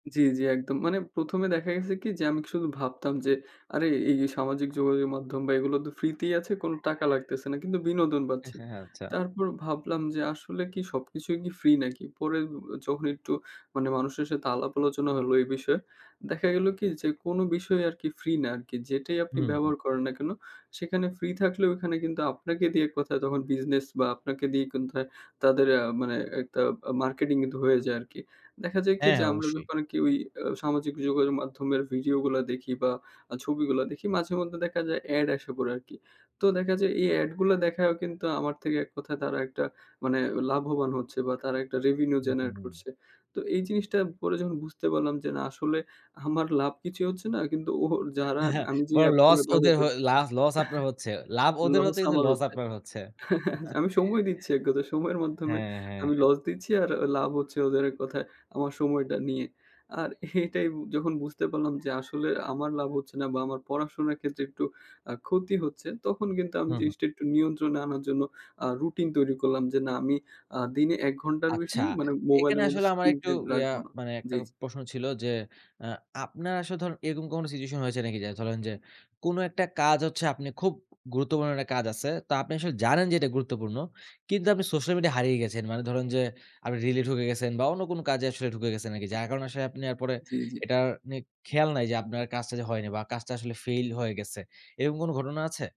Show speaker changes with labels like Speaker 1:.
Speaker 1: জি, জি একদম। মানে ১ম এ দেখা গেছে কি? যে, আমি শুধু ভাবতাম যে আরে এ এই সামাজিক যোগাযোগের মাধ্যম বা এগুলো তো ফ্রিতেই আছে কোনো টাকা লাগতেছে না, কিন্তু বিনোদন পাচ্ছি।
Speaker 2: হ্যাঁ, হ্যাঁ, আচ্ছা।
Speaker 1: তারপর ভাবলাম যে আসলে কি সবকিছুই কি ফ্রি নাকি? পরে এব এ যখন একটু মানে মানুষের সাথে আলাপ আলোচনা হলো এই বিষয়ে। দেখা গেলো কি? যে, কোনো বিষয় আর কি ফ্রি না আরকি, যেটাই আপনি
Speaker 2: হুম, হু।
Speaker 1: ব্যবহার করেন না কেন, সেখানে ফ্রি থাকলেও এখানে কিন্তু আপনাকে দিয়ে এক কথায় তখন বিজনেস বা আপনাকে দিয়ে কোনথায় তাদের আ মানে একটা আ মার্কেটিং কিন্তু হয়ে যায় আরকি। দেখা যায় কি?
Speaker 2: হ্যাঁ,
Speaker 1: যে, আমরা
Speaker 2: অবশ্যই।
Speaker 1: যখন আর্কি ওই আ সামাজিক যোগাযোগ মাধ্যমের ভিডিও গুলা দেখি বা আ ছবিগুলা দেখি, মাঝে-মধ্যে দেখা যায় এড আইসা পড়ে আরকি। তো দেখা যায় এই এড গুলা দেখাও কিন্তু আমার থেকে এক কথায় তারা একটা মানে লাভবান হচ্ছে বা তারা একটা রেভিনিউ
Speaker 2: হু, হু,
Speaker 1: জেনারেট
Speaker 2: হু।
Speaker 1: করছে। তো এই জিনিসটা পরে যখন বুঝতে পারলাম যে না, আসলে আমার লাভ কিছুই হচ্ছে না। কিন্তু ও যারা
Speaker 2: হা,
Speaker 1: আমি, যে
Speaker 2: বরং
Speaker 1: এপগুলো
Speaker 2: লস
Speaker 1: ব্যবহার
Speaker 2: ওদের
Speaker 1: করছি
Speaker 2: হয়ে লা লস আপনার হচ্ছে। লাভ ওদের
Speaker 1: লস
Speaker 2: হচ্ছে কিন্তু,
Speaker 1: আমার
Speaker 2: লস
Speaker 1: হচ্ছে।
Speaker 2: আপনার হচ্ছে।
Speaker 1: আমি সময় দিচ্ছি এক কথায়, সময়ের মাধ্যমে
Speaker 2: হ্যাঁ, হ্যাঁ,
Speaker 1: আমি
Speaker 2: হ্যাঁ।
Speaker 1: লস দিচ্ছি আর আ লাভ হচ্ছে ওদের এক কথায়, আমার সময়টা নিয়ে। আর এটাই যখন বুঝতে পারলাম যে, আসলে আমার লাভ হচ্ছে না বা আমার পড়াশোনার ক্ষেত্রে একটু আ ক্ষতি হচ্ছে। তখন কিন্তু আমি
Speaker 2: হু, হু।
Speaker 1: জিনিসটা একটু নিয়ন্ত্রণে আনার জন্য, আ রুটিন তৈরি করলাম যে না, আমি আ দিনে ১ ঘন্টার বেশি
Speaker 2: আচ্ছা।
Speaker 1: মানে
Speaker 2: এখানে
Speaker 1: মোবাইলের মধ্যে
Speaker 2: আসলে আমার একটু
Speaker 1: স্ক্রিনটাইম
Speaker 2: ইয়া,
Speaker 1: রাখবো না।
Speaker 2: মানে ১ টা
Speaker 1: জি, জি।
Speaker 2: প্রশ্ন ছিল যে, অ্যা আপনার আসলে ধরুন এরকম কোন সিচুয়েশন হয়েছে নাকি? যে ধরেন যে, কোন একটা কাজ হচ্ছে আপনে খুব গুরুত্বপূর্ণ একটা কাজ আছে। তো আপনি আসলে জানেন যে এটা গুরুত্বপূর্ণ। কিন্তু আপনি সোশ্যাল মিডিয়া হারিয়ে গেছেন। মানে ধরেন যে, আপনি রিলে ঢুকে গেছেন বা অন্য কোন কাজে আসলে ঢুকে গেছেন নাকি, যার কারণে আসলে আপনি এরপরে
Speaker 1: জি, জি।
Speaker 2: এটার নিয়ে খেয়াল নাই যে, আপনার কাজটা যে হয়নি বা কাজটা আসলে ফেইল হয়ে গেছে। এরকম কোন ঘটনা আছে?